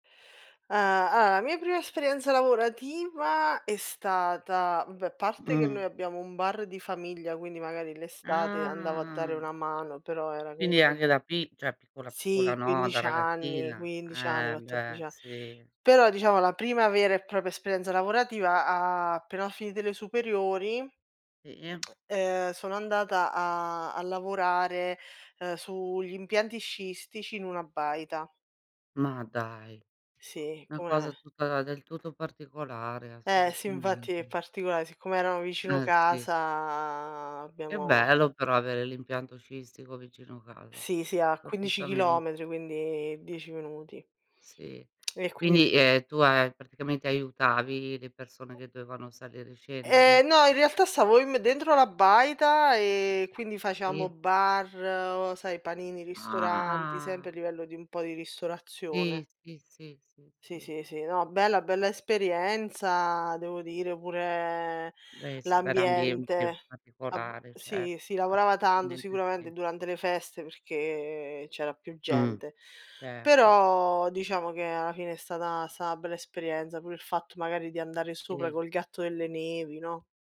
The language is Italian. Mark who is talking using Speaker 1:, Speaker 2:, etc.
Speaker 1: Ah, ah, la mia prima esperienza lavorativa è stata beh, parte che
Speaker 2: Mh.
Speaker 1: noi abbiamo un bar di famiglia, quindi magari l'estate andavo a dare
Speaker 2: Ah.
Speaker 1: una mano, però era
Speaker 2: Quindi
Speaker 1: comunque
Speaker 2: anche da pi cioè, piccola, piccola
Speaker 1: Sì
Speaker 2: no, da
Speaker 1: 15 anni,
Speaker 2: ragazzina.
Speaker 1: 15 anni,
Speaker 2: Eh beh,
Speaker 1: 14 a
Speaker 2: si.
Speaker 1: però diciamo la prima vera e propria esperienza lavorativa appena ho finito le superiori,
Speaker 2: Sì.
Speaker 1: ehm, sono andata a a lavorare, uhm, sugli impianti sciistici in una baita.
Speaker 2: Ma dai!
Speaker 1: Sì,
Speaker 2: una cosa
Speaker 1: come
Speaker 2: tutta del tutto particolare
Speaker 1: Eh sì, infatti è
Speaker 2: assolutamente.
Speaker 1: particolare, siccome erano vicino
Speaker 2: Eh sì.
Speaker 1: casa
Speaker 2: È
Speaker 1: abbiamo
Speaker 2: bello però avere l'impianto sciistico vicino casa,
Speaker 1: Sì, sì, a
Speaker 2: soprattutto
Speaker 1: 15
Speaker 2: a [unintelligible]
Speaker 1: chilometri, quindi 10 minuti.
Speaker 2: Sì.
Speaker 1: E quindi
Speaker 2: Quindi, ehm, tu a praticamente, aiutavi le persone che dovevano salire e scendere?
Speaker 1: Ehm, no, in realtà stavo im dentro la baita e quindi facevamo
Speaker 2: Sì.
Speaker 1: bar, sai, panini, ristoranti,
Speaker 2: Ah.
Speaker 1: sempre a livello di un po' di
Speaker 2: Sì,
Speaker 1: ristorazione.
Speaker 2: sì, sì, sì,
Speaker 1: Sì,
Speaker 2: si.
Speaker 1: sì, sì, no, bella bella esperienza devo dire, pure
Speaker 2: Eh sì, veramente
Speaker 1: l'ambiente. Vab
Speaker 2: particolare
Speaker 1: sì,
Speaker 2: certo,
Speaker 1: si lavorava tanto
Speaker 2: assolutamente si.
Speaker 1: sicuramente durante le feste perché c'era più
Speaker 2: Mh,
Speaker 1: gente,
Speaker 2: certo.
Speaker 1: però diciamo che alla fine è stata è stata una bella esperienza, pure il fatto magari di andare sopra
Speaker 2: Si.
Speaker 1: col gatto delle nevi, no?